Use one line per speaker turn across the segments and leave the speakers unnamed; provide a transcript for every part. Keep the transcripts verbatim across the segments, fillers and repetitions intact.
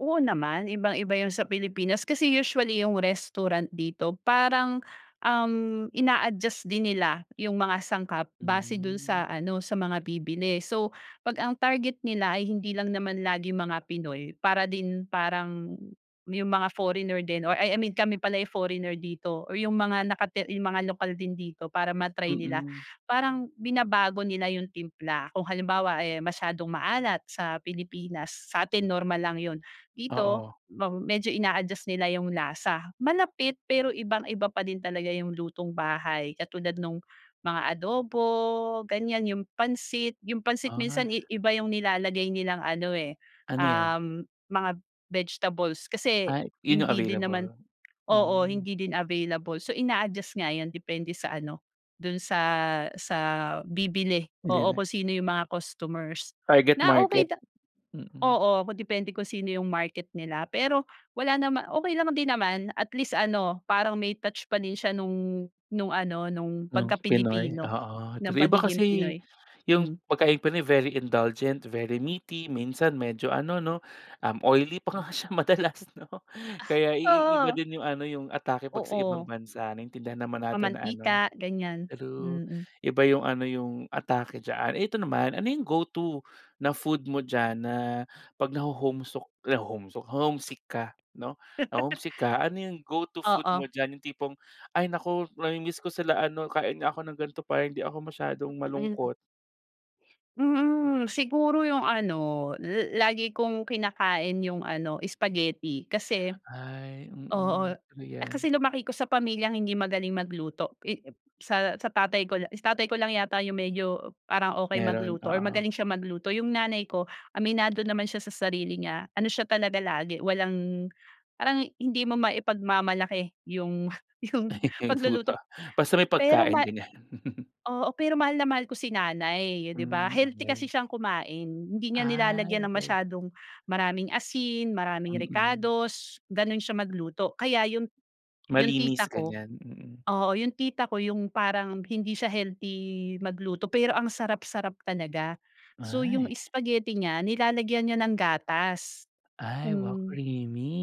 Oo naman, ibang-iba yun sa Pilipinas kasi usually yung restaurant dito parang, um, ina-adjust din nila yung mga sangkap base do'n
Hmm.
sa ano sa mga bibili, so pag ang target nila ay hindi lang naman laging mga Pinoy para din parang yung mga foreigner din or ah, I mean kami pala yung foreigner dito or yung mga nakati yung mga lokal din dito para ma-try nila,
Mm.
parang binabago nila yung timpla. Kung halimbawa, eh, masyadong maalat sa Pilipinas satin normal lang yo'n, dito
Oo.
ma medyo ina-adjust nila yung lasa, malapit pero ibang-iba pa din talaga yung lutong bahay katulad nung mga adobo, ganiyan yung pansit. Yung pansit minsan
Ah.
iba yung nilalagay nilang ano, eh,
Ano yan?
um, mga vegetables kasi
Ay, yun yung
hindi din naman
available?
oo,
Hmm.
hindi din available so ina-adjust nga yan depende sa ano, do'n sa, sa bibili
Hindi
oo
na.
kung sino yung mga customers
Target
na okey
market.
da
Mm.
Oo, depende kung sino yung market nila pero wala naman okey lang din naman at least ano parang may touch pa din siya nung, nung ano nung
Ng
pagka
Pinoy,
Pilipino
oo
ng
tri iba
pagiging
kasi
Pinoy,
yung
hmm.
pagkaing Pinoy very indulgent, very meaty, minsan medyo ano 'no, um, oily pa nga siya madalas 'no, kaya iiba
Oo.
din yung ano yung atake pag sa ibang
Oo.
bansa naintindihan naman natin na ano
Mamantika ganiyan,
true,
mm.
iba yung ano yung atake diyaan. Ito naman, ano yung go to na food mo diyan na pag homesok, naho-homesok? Na homesick ka 'no, na homesick ka, ano yung go to food mo
Oo.
diyan yung tipong, "Ay naku, namiimiss ko sila ano, kain nga ako ng gan'to para hindi ako masyadong
Mm.
malungkot."
Mm, siguro yung ano la lagi kong kinakain yung ano spaghetti kasi
Ay,
oo,
mm. Ano
eh,
yan?
kasi lumaki ko sa pamilyang hindi magaling magluto i sa sa tatay ko lang si tatay ko lang yata yung medyo parang okey
Mayro'n,
magluto or
oo.
magaling siya magluto. Yung nanay ko aminado naman siya sa sarili niya, ano siya talaga lagi walang parang hindi mo maipagmamalaki yung, yung
Ay, yung luto,
pagluluto.
basta may
Pero
pagkain
ma
ganiyan.
oo, pero mahal na mahal ko si nanay 'di ba,
Hmm,
healthy kasi
okey.
siyang kumain hindi niya
Ay,
nilalagyan ng
okey.
masyadong maraming asin, maraming
Mm.
rekados, gano'n siya magluto kaya yung, yung
Malinis
tita ko
ganiyan, mm.
oo yung tita ko yung parang hindi siya healthy magluto pero ang sarap-sarap talaga. So, yung
Ay.
spaghetti niya nilalagyan niya ng gatas,
Ay,
kung
wow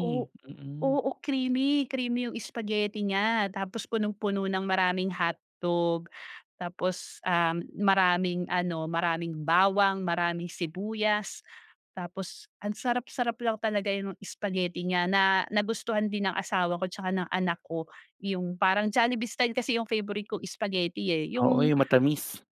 o
Mm.
oo creamy, creamy yung spaghetti niya tapos punong-puno ng maraming hotdog tapos, um, maraming ano maraming bawang, maraming sibuyas, tapos ang sarap-sarap lang talaga yung spaghetti niya na nagustuhan din ng asawa ko 'tsaka ng anak ko, yung parang Jollibee style kasi yung favorite ko spaghetti, eh,
Oo,
yung
yung matamis.